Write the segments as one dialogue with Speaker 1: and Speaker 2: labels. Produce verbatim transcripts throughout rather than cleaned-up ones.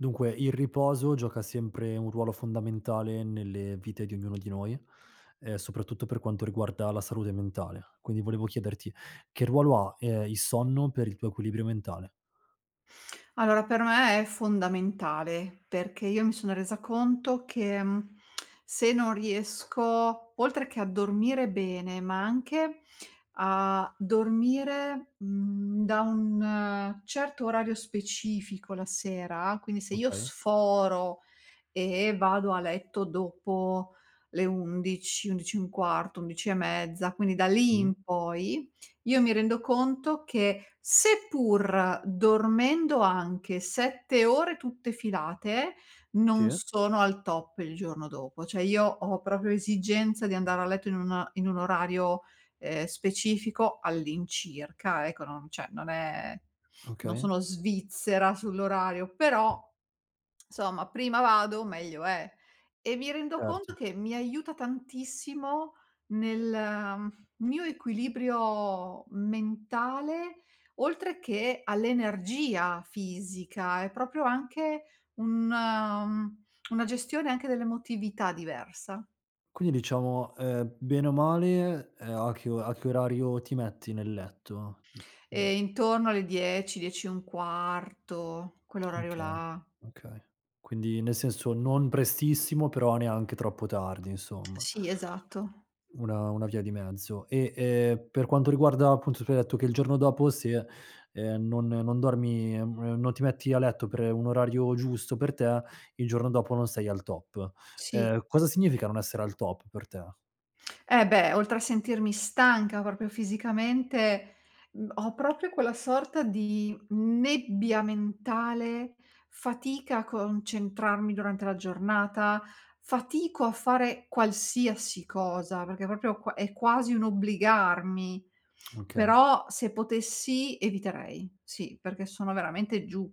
Speaker 1: Dunque, il riposo gioca sempre un ruolo fondamentale nelle vite di ognuno di noi. Ehm, soprattutto per quanto riguarda la salute mentale. Quindi volevo chiederti che ruolo ha, ehm, il sonno per il tuo equilibrio mentale?
Speaker 2: Allora, per me è fondamentale, perché io mi sono resa conto che, mhmm, se non riesco, oltre che a dormire bene, ma anche a dormire, mhmm, da un certo orario specifico la sera, quindi se io
Speaker 1: Okay
Speaker 2: sforo, e vado a letto dopo le undici, undici e un quarto, undici e mezza, quindi da lì
Speaker 1: Mh.
Speaker 2: in poi, io mi rendo conto che seppur dormendo anche sette ore, tutte filate, non
Speaker 1: Sì.
Speaker 2: sono al top il giorno dopo. Cioè, io ho proprio esigenza di andare a letto in una in un orario, ehm, specifico all'incirca, ecco non cioè, non è, non
Speaker 1: Okay.
Speaker 2: sono svizzera sull'orario però, 'nsomma prima vado meglio è. E mi rendo conto
Speaker 1: Certo.
Speaker 2: che mi aiuta tantissimo nel mio equilibrio mentale, oltre che all'energia fisica è proprio anche un, mhmm, una gestione anche dell'emotività diversa.
Speaker 1: Quindi, diciamo, ehm, bene o male, ehm, a che o a che orario ti metti nel letto? Mhmm, mhmm
Speaker 2: E intorno alle dieci dieci e un quarto, quell'orario
Speaker 1: Okay,
Speaker 2: là.
Speaker 1: okay. Quindi nel senso, non prestissimo però neanche troppo tardi insomma.
Speaker 2: Sì, esatto.
Speaker 1: Una una via di mezzo. E, ehm, per quanto riguarda, appunto tu hai detto che il giorno dopo se, ehm, non non dormi, non ti metti a letto per un orario giusto, per te il giorno dopo non sei al top.
Speaker 2: Sì.
Speaker 1: Ehm, cosa significa non essere al top per te?
Speaker 2: Eh, beh, oltre a sentirmi stanca proprio fisicamente, ho proprio quella sorta di nebbia mentale, fatica a concentrarmi durante la giornata, fatico a fare qualsiasi cosa, perché proprio qua è quasi un obbligarmi.
Speaker 1: Okay.
Speaker 2: Però se potessi, eviterei, sì, perché sono veramente giù.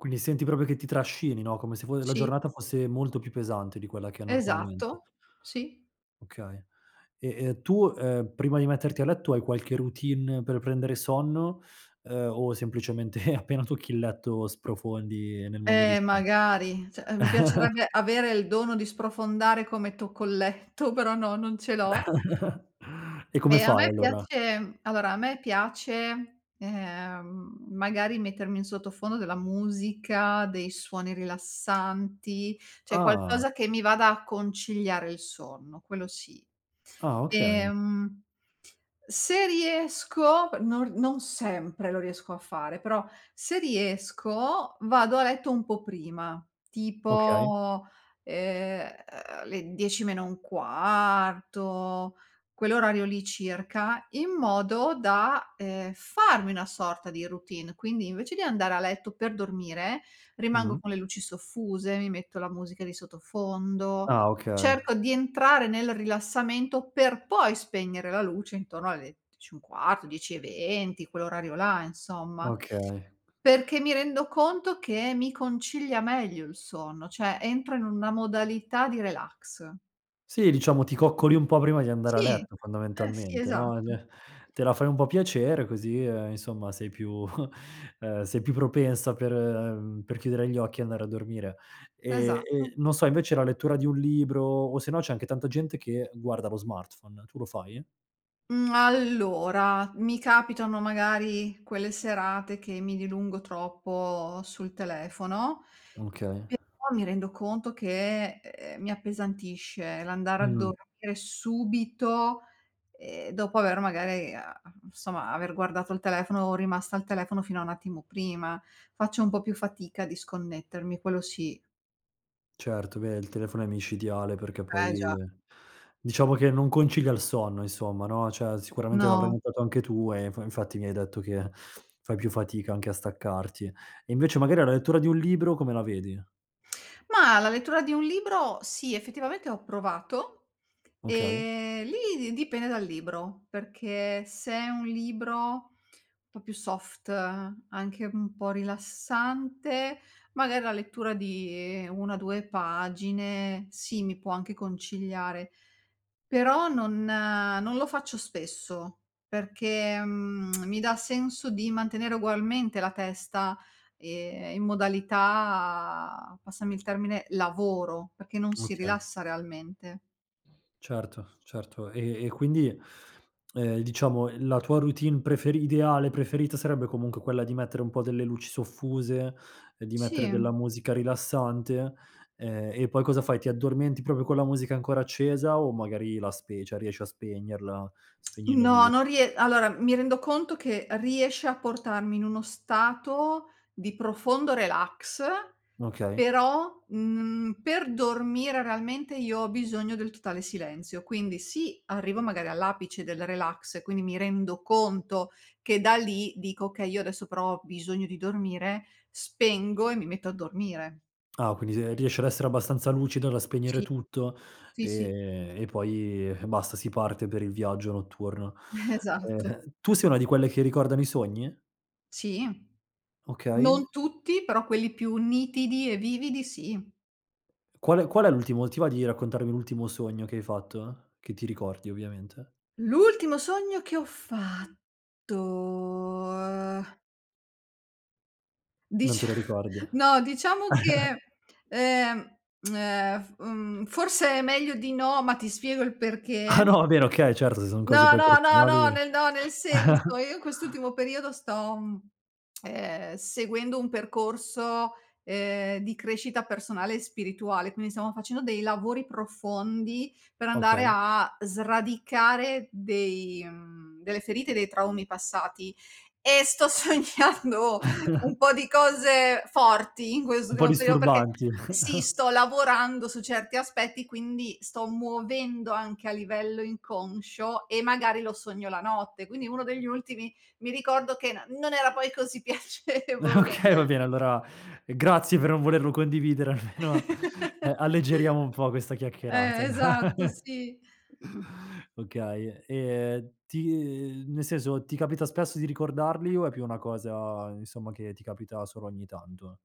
Speaker 1: Quindi senti proprio che ti trascini, no, come se fo la
Speaker 2: Sì.
Speaker 1: giornata fosse molto più pesante di quella che è normalmente.
Speaker 2: Esatto. Sì.
Speaker 1: Okay. E e tu, ehm, prima di metterti a letto, hai qualche routine per prendere sonno, ehm, o semplicemente appena tocchi il letto sprofondi nel mondo dei
Speaker 2: Eh
Speaker 1: so
Speaker 2: magari, cioè mi piacerebbe avere il dono di sprofondare come tocco il letto, però no, non ce l'ho.
Speaker 1: E come
Speaker 2: E a
Speaker 1: fai
Speaker 2: me
Speaker 1: allora?
Speaker 2: piace allora a me piace, ehm, magari mettermi in sottofondo della musica dei suoni rilassanti, cioè
Speaker 1: Ah.
Speaker 2: qualcosa che mi vada a conciliare il sonno quello sì.
Speaker 1: Ah, okay.
Speaker 2: Ehm, se riesco, non non sempre lo riesco a fare, però se riesco vado a letto un po' prima.
Speaker 1: Okay.
Speaker 2: Tipo, ehm, le dieci meno un quarto, quell'orario lì circa, in modo da, ehm, farmi una sorta di routine, quindi invece di andare a letto per dormire, rimango
Speaker 1: Mh-mh.
Speaker 2: con le luci soffuse, mi metto la musica di sottofondo,
Speaker 1: Ah, okay.
Speaker 2: cerco di entrare nel rilassamento per poi spegnere la luce intorno alle dieci e un quarto dieci e venti quell'orario là insomma,
Speaker 1: Okay.
Speaker 2: perché mi rendo conto che mi concilia meglio il sonno, cioè entro in una modalità di relax.
Speaker 1: Sì, diciamo ti coccoli un po' prima di andare a
Speaker 2: Sì.
Speaker 1: letto
Speaker 2: Eh sì,
Speaker 1: fondamentalmente, no, ehm,
Speaker 2: esatto.
Speaker 1: me te la fai un po' piacere così, ehm, insomma sei più, ehm, sei più propensa per, ehm, per chiudere gli occhi e andare a dormire. Ehm,
Speaker 2: Esatto.
Speaker 1: e non so invece la lettura di un libro, o se no c'è anche tanta gente che guarda lo smartphone. Tu lo fai?
Speaker 2: Mhmm, allora, mi capitano magari quelle serate che mi dilungo troppo sul telefono,
Speaker 1: Okay
Speaker 2: e poi mi rendo conto che, ehm, mi appesantisce l'andare a
Speaker 1: Mh-mh.
Speaker 2: dormire subito, ehm, dopo aver magari a a insomma aver guardato il telefono, rimasta al telefono fino a un attimo prima. Faccio un po' più fatica a disconnettermi, quello sì.
Speaker 1: Certo. Beh, il telefono è micidiale, perché
Speaker 2: Eh
Speaker 1: poi,
Speaker 2: già.
Speaker 1: diciamo che non concilia il sonno insomma, no, cioè, sicuramente l'avrai
Speaker 2: No.
Speaker 1: notato anche tu e infa infatti mi hai detto che fai più fatica anche a staccarti. E invece magari la lettura di un libro come la vedi?
Speaker 2: Mah, la lettura di un libro sì, effettivamente ho provato.
Speaker 1: Okay.
Speaker 2: Ehm, lì di dipende dal libro, perché se è un libro un po' più soft, anche un po' rilassante, magari la lettura di una due pagine sì, mi può anche conciliare. Però non non lo faccio spesso, perché, mhmm, mi dà senso di mantenere ugualmente la testa, ehm, in modalità, passami il termine, lavoro, perché non si
Speaker 1: Okay.
Speaker 2: rilassa realmente.
Speaker 1: Certo, certo. E e quindi, ehm, diciamo la tua routine preferi ideale preferita, sarebbe comunque quella di mettere un po' delle luci soffuse, ehm, di mettere della
Speaker 2: Sì.
Speaker 1: musica rilassante, ehm, e poi cosa fai? Ti addormenti proprio con la musica ancora accesa o magari la spe ceh riesci a spegnerla, spegni le
Speaker 2: No, non
Speaker 1: luci?
Speaker 2: rie allora, mi rendo conto che riesce a portarmi in uno stato di profondo relax.
Speaker 1: Okay.
Speaker 2: Però, mhmm, per dormire realmente io ho bisogno del totale silenzio. Quindi sì, arrivo magari all'apice del relax e quindi mi rendo conto che da lì dico: "Oka, io adesso però ho bisogno di dormire." Spengo e mi metto a dormire.
Speaker 1: Ah quindi, se riesci ad essere abbastanza lucida da spegnere
Speaker 2: Sì.
Speaker 1: tutto,
Speaker 2: Sì, sì.
Speaker 1: e e poi basta si parte per il viaggio notturno.
Speaker 2: Esatto.
Speaker 1: Ehm, tu sei una di quelle che ricordano i sogni?
Speaker 2: Sì.
Speaker 1: Okay.
Speaker 2: Non tutti, però quelli più nitidi e vividi sì.
Speaker 1: Qual è qual è l'ultimo, ti va di raccontarmi l'ultimo sogno che hai fatto? Che ti ricordi ovviamente.
Speaker 2: L'ultimo sogno che ho fatto, ehm.
Speaker 1: Non
Speaker 2: Dicia
Speaker 1: te lo ricordi?
Speaker 2: no diciamo che, ehm, ehm, f mhmm, forse è meglio di no, ma ti spiego il
Speaker 1: Ah
Speaker 2: perché.
Speaker 1: no, vabbè okay, certo, se son cose
Speaker 2: No,
Speaker 1: poi
Speaker 2: no, no, no
Speaker 1: personali
Speaker 2: nel no nel senso, io in quest'ultimo periodo sto, mhmm, ehm, seguendo un percorso, ehm, di crescita personale e spirituale, quindi stiamo facendo dei lavori profondi per andare
Speaker 1: Okay.
Speaker 2: a sradicare dei, mhmm, delle ferite dei traumi passati, e sto sognando un po' di cose forti, in questo
Speaker 1: Un po'
Speaker 2: primo periò perché,
Speaker 1: disturbanti.
Speaker 2: sì, sto lavorando su certi aspetti quindi sto muovendo anche a livello inconscio e magari lo sogno la notte. Quindi uno degli ultimi mi ricordo che n non era poi così piacevole.
Speaker 1: Okay, va bene, allora grazie per non volerlo condividere, almeno, ehm, alleggeriamo un po' questa chiacchierata!
Speaker 2: Eh, esatto sì.
Speaker 1: Okay, ehm, ti nel senso, ti capita spesso di ricordarli o è più una cosa, insomma, che ti capita solo ogni tanto?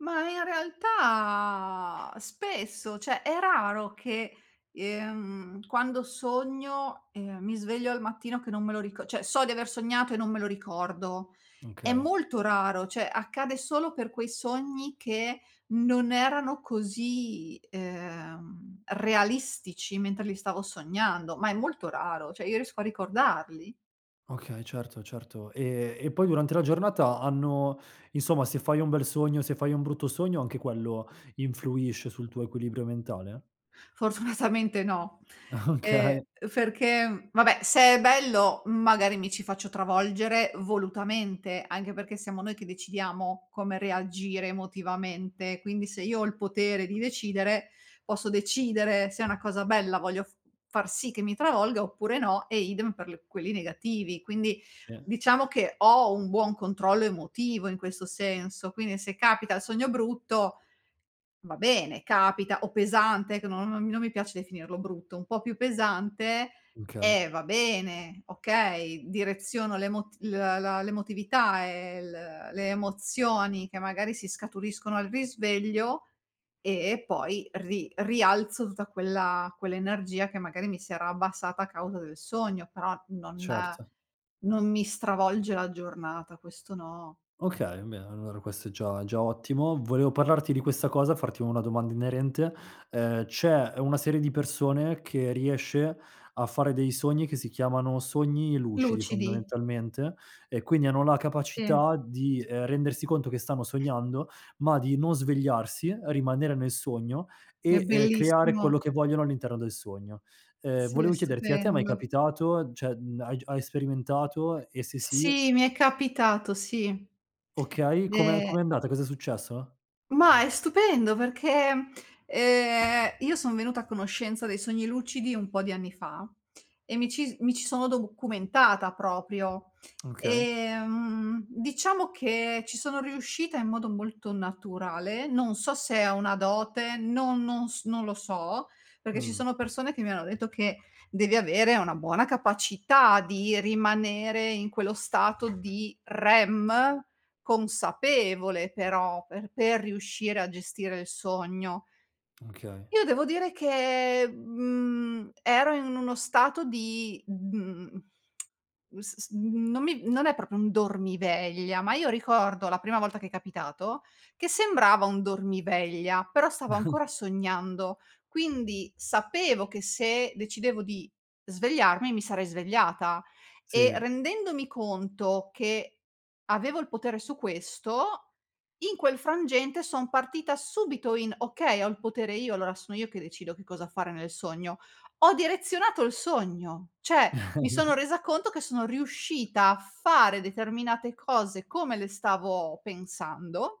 Speaker 2: Ma in realtà spesso, cioè, è raro che, ehm, quando sogno, ehm, mi sveglio al mattino che non me lo rico ceh, so di aver sognato e non me lo ricordo. È
Speaker 1: Okay.
Speaker 2: molto raro, cioè accade solo per quei sogni che non erano così, ehm, realistici mentre li stavo sognando, ma è molto raro. Cioè, io riesco a ricordarli.
Speaker 1: Okay, certo, certo. Ehm, e poi durante la giornata hanno, insomma, se fai un bel sogno, se fai un brutto sogno, anche quello influisce sul tuo equilibrio mentale?
Speaker 2: Fortunatamente no. Ehm,
Speaker 1: Okay.
Speaker 2: ferché vabbè, se è bello, magari mi ci faccio travolgere volutamente, anche perché siamo noi che decidiamo come reagire emotivamente, quindi se io ho il potere di decidere, posso decidere se è una cosa bella voglio f far sì che mi travolga oppure no, e idem per quelli negativi. Quindi,
Speaker 1: Sì.
Speaker 2: diciamo che ho un buon controllo emotivo in questo senso, quindi se capita il sogno brutto, va bene capita o pesante che non non mi non mi piace definirlo brutto, un po' più pesante,
Speaker 1: mkey.
Speaker 2: eh, va bene, okay. Direziono l'emot l la l'emotività e l le emozioni che magari si scaturiscono al risveglio, e poi ri rialzo tutta quella quell'energia che magari mi si era abbassata a causa del sogno. Però, non
Speaker 1: Certo.
Speaker 2: non mi stravolge la giornata, questo no.
Speaker 1: Okay. Beh, allora questo è già già ottimo. Volevo parlarti di questa cosa, farti una domanda inerente. Ehm, c'è una serie di persone che riesce a fare dei sogni che si chiamano sogni lucidi
Speaker 2: Lucidi.
Speaker 1: fondamentalmente, e quindi hanno la
Speaker 2: Sì.
Speaker 1: capacità di, ehm, rendersi conto che stanno sognando ma di non svegliarsi, rimanere nel sogno
Speaker 2: È
Speaker 1: e, ehm, creare
Speaker 2: bellissimo.
Speaker 1: quello che vogliono all'interno del sogno. Ehm,
Speaker 2: Sì, è
Speaker 1: volevo chiederti, a te è mai
Speaker 2: stupendo.
Speaker 1: capitato? Cioè, mhmm, hai gi hai sperimentato? E se sì
Speaker 2: Sì, mi è capitato, sì.
Speaker 1: Okay. Come
Speaker 2: De
Speaker 1: com'è andata? Cosa è successo?
Speaker 2: Mah, è stupendo, perché, ehm, io son venuta a conoscenza dei sogni lucidi un po' di anni fa, e mi ci si mi ci sono documentata, proprio.
Speaker 1: Okay.
Speaker 2: Ehm, diciamo che ci sono riuscita in modo molto naturale, non so se ho una dote, non non s non lo so. Perché ci
Speaker 1: Mh.
Speaker 2: sono persone che mi hanno detto che devi avere una buona capacità di rimanere in quello stato di REM, consapevole però per per riuscire a gestire il sogno
Speaker 1: Okay.
Speaker 2: Io devo dire che, mhmm, ero in uno stato di, mhmm, s s non mi non è proprio un dormiveglia, ma io ricordo, la prima volta che è capitato, che sembrava un dormiveglia, però stavo ancora sognando, quindi sapevo che se decidevo di svegliarmi e mi sarei svegliata, e
Speaker 1: Sì.
Speaker 2: rendendomi conto che avevo il potere su questo, in quel frangente son partita subito in: "Okay, ho il potere io lora, sono io che decido che cosa fare nel sogno." Ho direzionato il sogno, ceh mi sono resa conto che sono riuscita a fare determinate cose, come le stavo pensando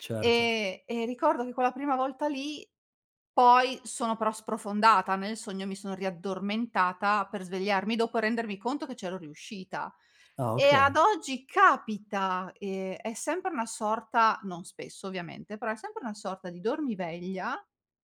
Speaker 1: Certo.
Speaker 2: ehm, e ricordo che quella prima volta lì, poi sono però sprofondata nel sogno mi sono riaddormentata per svegliarmi dopo rendermi conto che ce l'ho riuscita.
Speaker 1: Ah,
Speaker 2: E
Speaker 1: okay.
Speaker 2: ad oggi capita, ehm, è sempre una sorta, non spesso ovviamente, però è sempre una sorta di dormiveglia,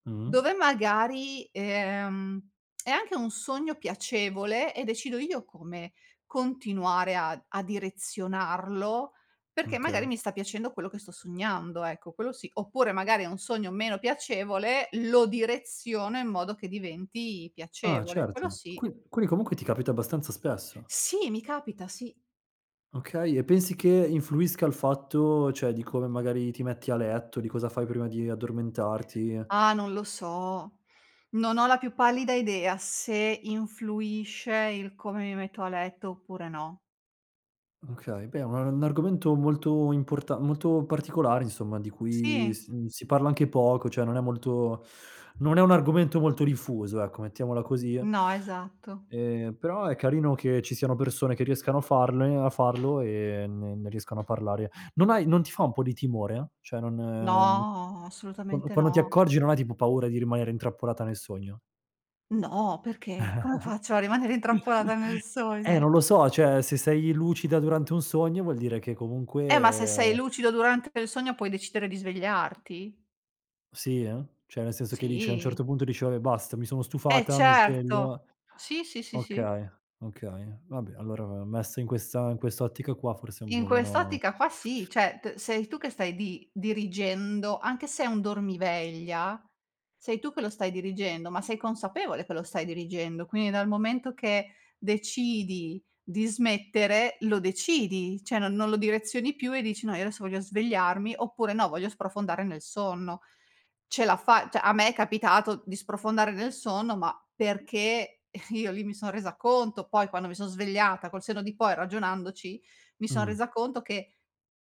Speaker 1: Mh-mh.
Speaker 2: dove magari, ehm, è anche un sogno piacevole e decido io come continuare a a direzionarlo, perché
Speaker 1: Okay.
Speaker 2: magari mi sta piacendo quello che sto sognando, ecco, quello sì, oppure magari è un sogno meno piacevole, lo direziono in modo che diventi
Speaker 1: Ah
Speaker 2: piacevole. Quello
Speaker 1: certo.
Speaker 2: sì.
Speaker 1: Qui quindi comunque ti capita abbastanza spesso?
Speaker 2: Sì, mi capita, sì.
Speaker 1: Okay, e pensi che influisca, il fatto ceh di come magari ti metti a letto di cosa fai prima di addormentarti
Speaker 2: Ah non lo so, Non ho la più pallida idea se influisce, il come mi metto a letto oppure no.
Speaker 1: Okay, beh è un un argomento molto importa molto particolare insomma di cui
Speaker 2: Sì.
Speaker 1: s si parla anche poco cioè non è molto non è un argomento molto diffuso ecco mettiamola così
Speaker 2: No, esatto.
Speaker 1: Ehm, però è carino che ci siano persone che riescano a farne a farlo e ne ne riescano a parlare. Non hai non ti fa un po' di timore? Cioè non
Speaker 2: No,
Speaker 1: Quan
Speaker 2: assolutamente
Speaker 1: quando ti
Speaker 2: no.
Speaker 1: accorgi non hai tipo paura di rimanere intrappolata nel sogno
Speaker 2: No, perché? Come faccio a rimanere intrappolata nel
Speaker 1: Eh non
Speaker 2: sogno?
Speaker 1: lo so ceh se sei lucida durante un sogno, vuol dire che
Speaker 2: Eh ma se sei
Speaker 1: comunque
Speaker 2: lucido, durante il sogno puoi decidere di svegliarti.
Speaker 1: Sì eh, cioè nel senso che dice a un
Speaker 2: Sì.
Speaker 1: certo punto dice:" Vabbe' basta mi sono
Speaker 2: Eh
Speaker 1: stufata mi
Speaker 2: certo.
Speaker 1: sveglio".
Speaker 2: Sì, sì, sì, sì.
Speaker 1: Okay, okay vabbè allora, ehm, messo in questa in quest'ottica qua forse è un
Speaker 2: In
Speaker 1: po' meno
Speaker 2: quest'ottica qua sì, ceh t sei tu che stai di dirigendo, anche se è un dormiveglia sei tu che lo stai dirigendo, ma sei consapevole che lo stai dirigendo, quindi dal momento che decidi di smettere, lo decidi ceh non non lo direzioni più, e dici :"No io adesso voglio svegliarmi", oppure "No, voglio sprofondare nel sonno". Ce l'ha fa ceh a me è capitato di sprofondare nel sonno, ma perché io lì mi son resa conto poi quando mi son svegliata, col senno di poi ragionandoci, mi son
Speaker 1: Mh.
Speaker 2: resa conto che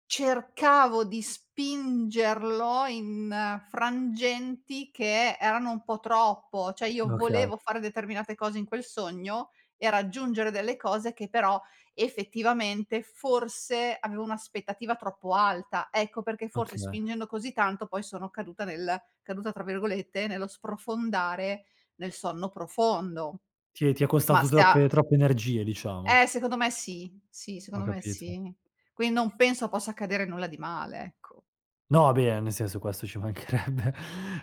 Speaker 2: cercavo di spingerlo in frangenti, che erano un po' troppo. ceh io
Speaker 1: Oka
Speaker 2: volevo fare determinate cose in quel sogno e raggiungere delle cose, che però effettivamente forse avevo un'aspettativa troppo alta, ecco perché forse
Speaker 1: Oka
Speaker 2: spingendo così tanto, poi sono caduta nel "caduta" tra virgolette nello sprofondare nel sonno profondo.
Speaker 1: Ti è ti è
Speaker 2: Ma
Speaker 1: costato
Speaker 2: se ha
Speaker 1: troppe troppe energie diciamo.
Speaker 2: Eh, secondo me sì, sì
Speaker 1: Ho
Speaker 2: secondo me
Speaker 1: capito.
Speaker 2: sì. quin non penso possa accadere nulla di male, ecco.
Speaker 1: No, ah beh, nel senso questo ci mancherebbe.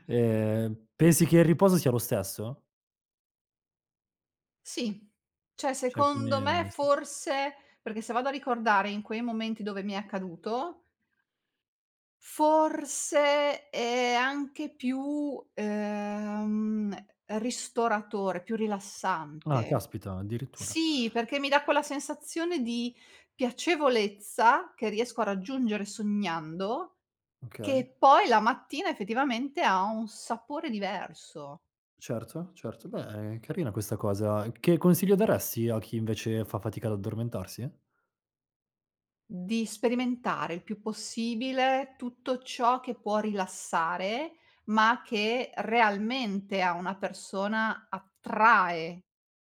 Speaker 1: Ehm, pensi che il riposo sia lo stesso?
Speaker 2: Sì. ceh,
Speaker 1: Cioè quindi
Speaker 2: secondo me,
Speaker 1: e se
Speaker 2: forse perché se vado a ricordare in quei momenti dove mi è accaduto forse è anche più, ehm, ristoratore, più
Speaker 1: Ah,
Speaker 2: rilassante.
Speaker 1: caspita, addirittura.
Speaker 2: Sì, perché mi dà quella sensazione di piacevolezza che riesco a raggiungere sognando,
Speaker 1: Okay.
Speaker 2: che poi la mattina effettivamente ha un sapore diverso.
Speaker 1: Certo, certo, beh carina questa cosa. Che consiglio daresti a chi invece fa fatica ad addormentarsi?
Speaker 2: Di sperimentare, il più possibile tutto ciò che può rilassare ma che realmente a una persona attrae,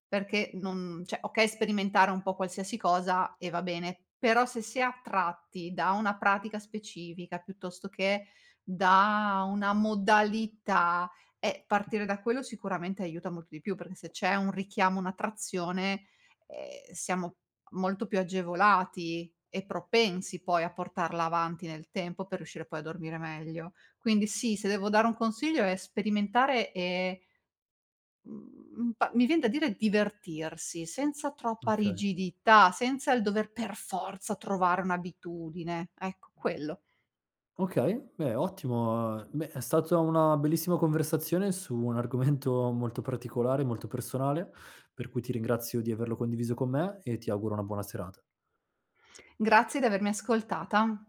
Speaker 2: perché non ceh okay sperimentare un po' qualsiasi cosa, e va bene, però se si è tratti da una pratica specifica, piuttosto che da una modalità, ehm, partire da quello sicuramente aiuta molto di più perché se c'è un richiamo, un'attrazione, ehm, siamo molto più agevolati e propensi poi a portarla avanti nel tempo, per riuscire poi a dormire meglio. Quindi sì, se devo dare un consiglio è sperimentare e mhmm pa mi viene da dire divertirsi, senza troppa
Speaker 1: Okay.
Speaker 2: rigidità, senza il dover per forza trovare un'abitudine. Ecco quello.
Speaker 1: Okay, beh, ottimo. Beh, è stata una bellissima conversazione su un argomento molto particolare, molto personale, per cui ti ringrazio di averlo condiviso con me e ti auguro una buona serata.
Speaker 2: Grazie di avermi ascoltata.